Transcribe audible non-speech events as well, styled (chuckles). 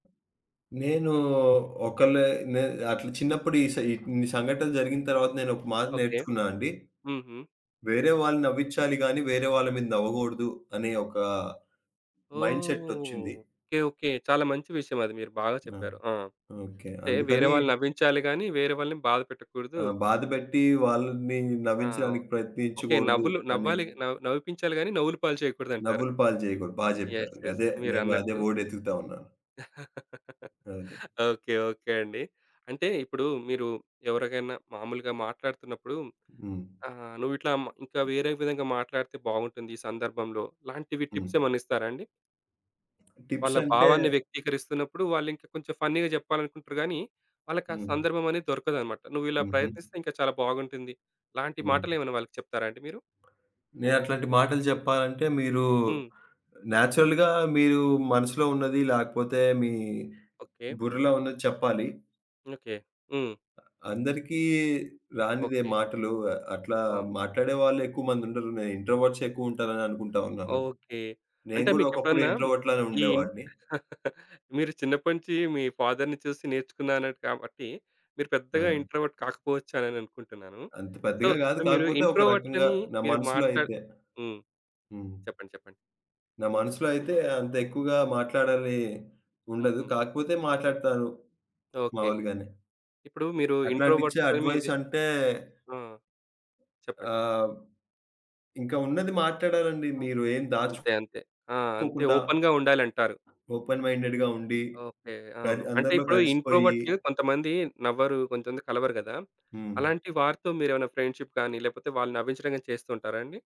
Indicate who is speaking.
Speaker 1: నేను ఒకలే నె అట్లా చిన్నప్పుడు ఇ సే ఇన్ని సంఘటనలు జరిగిన తర్వాత నేనొక మాట
Speaker 2: ఓకే.
Speaker 1: నేర్చుకున్నానండి.
Speaker 2: హుహు.
Speaker 1: వేరే వాళ్ళని నవ్వించాలి గాని, వేరే వాళ్ళ మీద నవ్వగూడదు అనే ఒక
Speaker 2: ఓహ్!
Speaker 1: మైండ్‌సేట్ ఒచ్చింది.
Speaker 2: Okay, okay. చాలా మంచి విషయమది మీరు బాగా
Speaker 1: ఆ!
Speaker 2: చెప్పారు. ఆ!
Speaker 1: ఓకే.
Speaker 2: అంటే వేరే
Speaker 1: అందుకని
Speaker 2: వాళ్ళని నవ్వించాలి గాని వేరే వాళ్ళని బాధ పెట్టకూడదు.
Speaker 1: ఆ! బాధబెట్టి వాళ్ళని
Speaker 2: ఆ!
Speaker 1: నవ్వించడానికి
Speaker 2: ఓకే.
Speaker 1: ప్రయత్నించగూడదు
Speaker 2: నవ్వులు
Speaker 1: అని.
Speaker 2: నవ్వాలిగా నవి నవ్విపించాలి గాని నవ్వుల పాలు చేయకూడదంటారు.
Speaker 1: నవ్వుల పాలు జేయగూడదు. బాగా
Speaker 2: యెస్.
Speaker 1: జెప్పారండి.
Speaker 2: యెస్.
Speaker 1: అదే నేను గూడ అదే
Speaker 2: మీరన్నట్టు
Speaker 1: వర్డ్ ఎతుకుతా ఉన్నాను.
Speaker 2: (chuckles)
Speaker 1: అది.
Speaker 2: ఓకే. ఓకే అండి. అంటే ఇప్పుడు మీరు ఎవరికైనా మామూలుగా మాట్లాడుతున్నప్పుడు
Speaker 1: హ్మ్.
Speaker 2: ఆహ్, నువ్విట్లా మ ఇంకా వేరే విధంగా మాట్లాడితే బాగుంటుంది ఈ సందర్భంలో ఇలాంటివి టిప్స్
Speaker 1: హ్మ్.
Speaker 2: ఏమైనా ఇస్తారా అండి?
Speaker 1: టిప్స్
Speaker 2: వాళ్ళ
Speaker 1: అంటే
Speaker 2: భావాన్ని వ్యక్తీకరిస్తున్నప్పుడు వాళ్ళింకా కొంచెం ఫన్నీగా జెప్పాలనుకుంటారు గానీ, వాళ్ళకి ఆ
Speaker 1: హ్మ్.
Speaker 2: సందర్భమనేది దొరకదన్నమాట. నువ్విలా
Speaker 1: హుహు.
Speaker 2: ప్రయత్నిస్తే ఇంకా చాలా బాగుంటుంది. ఇలాంటి
Speaker 1: హ్మ్.
Speaker 2: మాటలేమైనా వాళ్ళకి చెప్తారా అండి మీరు?
Speaker 1: నేను అట్లాంటి మాటలు జెప్పాలంటే మీరు
Speaker 2: హ్మ్.
Speaker 1: నేచురల్‌గా మీరు మనసులో ఉన్నది లేకపోతే మీ
Speaker 2: ఓకే.
Speaker 1: బుర్రలో ఉన్నది చెప్పాలి.
Speaker 2: ఓకే. హ్మ్.
Speaker 1: అందరికి రానిదే
Speaker 2: ఓకే.
Speaker 1: మాటలు. ఆహ్, అట్లా
Speaker 2: ఆహా!
Speaker 1: మాట్లాడేవాళ్ళు ఎక్కువ మందుండరు. నేను ఇంట్రోవర్ట్‌సే ఎక్కువ ఉంటారని అనుకుంటా ఉన్నాను.
Speaker 2: ఓకే.
Speaker 1: నేను
Speaker 2: అంటే
Speaker 1: గూడా ఒకప్పుడు
Speaker 2: మీకెప్పుడన్నా
Speaker 1: ఇంట్రోవర్ట్‌లానే
Speaker 2: ఈ
Speaker 1: ఉండేవాడిని.
Speaker 2: (chuckles) మీరు చిన్నప్పటినుంచి మీ ఫాదర్‌ని చూసి నేర్చుకున్నా అన్నారు కాబట్టి మీరు పెద్దగా
Speaker 1: ఆ!
Speaker 2: ఇంట్రోవర్ట్ కాకపోవచ్చ అనే అనుకుంటున్నాను.
Speaker 1: అంత
Speaker 2: సో,
Speaker 1: పెద్దగా గాదు
Speaker 2: ఇప్పుడు మీరు
Speaker 1: కాకపోతే ఒక రకంగా
Speaker 2: ఇంట్రోవర్ట్‌లని
Speaker 1: నా
Speaker 2: మీరు
Speaker 1: మనసులో
Speaker 2: మాట్లాడి
Speaker 1: అయితే
Speaker 2: హ్మ్.
Speaker 1: హ్మ్.
Speaker 2: చెప్పండి, చెప్పండి.
Speaker 1: నా మనసులో అయితే అంత ఎక్కువగా మాట్లాడాలి ఉండదు.
Speaker 2: హుహు.
Speaker 1: కాకపోతే మాట్లాడతాను
Speaker 2: ఓకే.
Speaker 1: మామూలుగానే.
Speaker 2: ఇప్పుడు మీరు
Speaker 1: అట్లాంటియి ఇచ్చే
Speaker 2: ఇంట్రోవర్ట్‌తోని
Speaker 1: అడ్వైస్
Speaker 2: ఇదే
Speaker 1: అంటే
Speaker 2: ఆ! చెప్పండి.
Speaker 1: ఆహ్, ఇంకా ఉన్నది మాట్లాడాలండి.
Speaker 2: ఆ!
Speaker 1: మీరు ఏం దాచు
Speaker 2: అంతే. అంతే. ఆ! అంతే
Speaker 1: కోకుండా...
Speaker 2: ఓపెన్‌గా ఉండాలంటారు.
Speaker 1: ఓపెన్ మైండెడ్‌గా ఉండి
Speaker 2: ఓకే.
Speaker 1: కన్
Speaker 2: అవును. అంటే
Speaker 1: అందరిలో
Speaker 2: ఇప్పుడు
Speaker 1: కలిసిపోయి
Speaker 2: ఇంట్రోవర్ట్‌లు కొంతమంది నవ్వరు కొంతమంది కలవరు గదా!
Speaker 1: హ్మ్.
Speaker 2: అలాంటి వారితో మీరేమైనా ఫ్రెండ్‌షిప్‌ గాని, లేకపోతే వాళ్ళని నవ్వించడం గాని చేస్తూ ఉంటారా అండి?